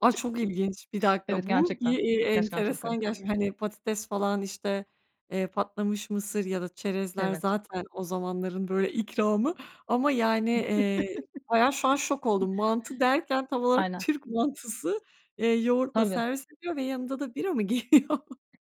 Ay, çok ilginç. 1 Evet, dakika bu i i gerçekten, eee, gerçekten çok enteresan garip. gerçekten. Hani, patates falan, işte, eee, patlamış mısır ya da çerezler Evet. zaten o zamanların, böyle, ikramı ama yani, eee, bayağı şu an şok oldum. Mantı derken tam olarak Aynen. Türk mantısı, eee, yoğurtla Tabii. servis ediyor ve yanında da bira mı geliyor?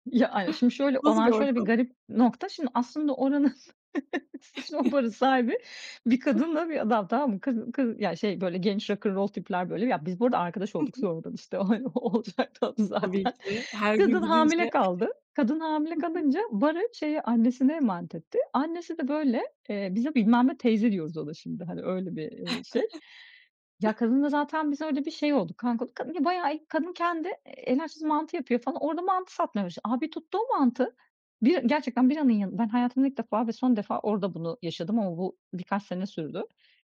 Ya, aynen. Şimdi şöyle, Nasıl bir olan şöyle bir ortam? garip nokta. Şimdi, aslında Hı oranın hı. şimdi o barın sahibi bir kadınla bir adam, tamam mı? Kadı kadın yani, şey, böyle genç rock 'n' roll tipler, böyle Ya, biz bu arada arkadaş Hı olduk, hı. sonradan, işte o, hani, o olacaktı a Tabii zaten. ki her gün Kadın gidince. hamile kaldı. Kadın hamile Hı hı. kalınca, barı, şeye, annesine emanet etti. Annesi de böyle eee, biz de bilmem ne teyze diyoruz ona şimdi, hani, öyle bir, eee, şey. Ya, kadınla zaten biz öyle bir şey olduk, kanka olduk. Kadın bayağı iyi, kadın kendi e el açması mantı yapıyor falan, orada mantı satmaya başladı. A! Bir tuttu o mantı. Bira gerçekten biranın yanın Ben hayatımda ilk defa ve son defa orada bunu yaşadım ama bu birkaç sene sürdü.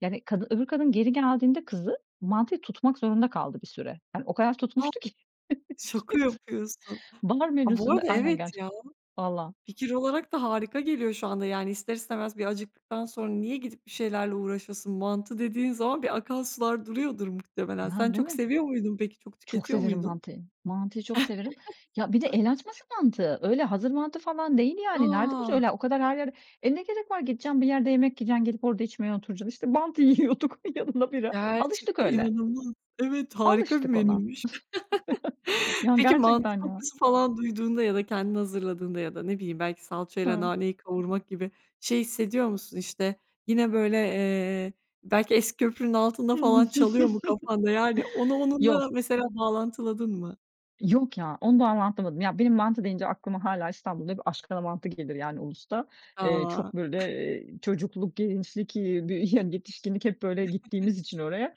Yani kadın öbür kadın geri geldiğinde kızı, mantıyı tutmak zorunda kaldı bir süre. Yani o kadar A! tutmuştu ki. Şaka [unintelligible] yapıyorsun. Bar A, bu menüsünde arada Aynen evet gerçek. ya. Valla. Fikir olarak da harika geliyor şu anda. Yani ister istemez bir acıktıktan sonra niye gidip bir şeylerle uğraşasın. Mantı dediğin zaman bir akan sular duruyordur muhtemelen. Ya, Sen değil çok mi? seviyor muydun peki? Çok Çok tüketiyor severim muydun? mantıyı. Mantıyı çok severim. Ya bir de el açması mantı, öyle hazır mantı falan değil yani. Nerede bulacaksın? A! Öyle o kadar her yerde E, ne gerek var gideceksin, bir yerde yemek yiyeceksin, gidip orada içmeye oturacaksın. İşte mantı yiyorduk, yanına bira. Alıştık Gerçekten öyle. inanılmaz. Evet, harika bir Alıştık ona. menüymüş. Yani, Peki mantı gerçekten ya. kokusu falan duyduğunda ya da kendin hazırladığında ya da, ne bileyim, belki salçayla Hı. naneyi kavurmak gibi şey hissediyor musun, işte, yine, böyle, eee, belki "Eski Köprünün Altında" Hıı. falan çalıyor mu kafanda? Yani onu onunla Yok. mesela bağlantıladın mı? Yok ya, ondan rahatlamadım. Ya, benim mantı deyince aklıma hâlâ İstanbul'da bir Aşkana Mantı gelir yani Ulus'ta. Eee, A! çok böyle, eee, çocukluk, gençlik, eee, bir yani yetişkinlik hep, böyle, gittiğimiz [unintelligible] için oraya,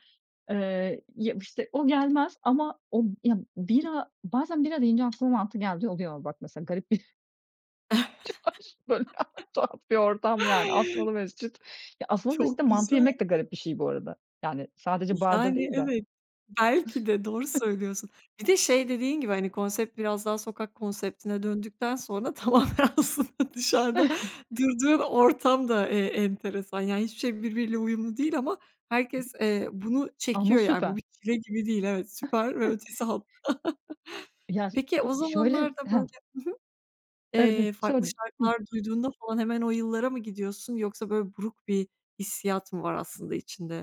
eee, ya, işte, o gelmez ama o Ya, bira bazen bira deyince aklıma mantı geldiği oluyor. Bak, mesela garip bir Çınar böyle tuhaf bir ortam yani Asmalı Mescit. Ya, Asmalı Mescit'te Çok mantı güzel. yemek de garip bir şey bu arada. Yani sadece barda Yani, değil de. evet. Belki de. Doğru söylüyorsun. Bir de şey dediğin gibi, hani, konsept biraz daha sokak konseptine döndükten sonra tamamen aslında dışarıda durduğun ortam da, eee, enteresan. Yani hiçbir şey birbiriyle uyumlu değil ama herkes, eee, bunu Ama çekiyor yani bu bir süper. çile gibi değil. Evet, süper ve ötesi hatta. Ya, s Peki ı o şöyle zamanlarda Ha. böyle Hı hı. Evet Eee, [unintelligible] farklı söyle. Hı. şarkılar duyduğunda falan hemen o yıllara mı gidiyorsun yoksa böyle buruk bir hissiyat mı var aslında içinde?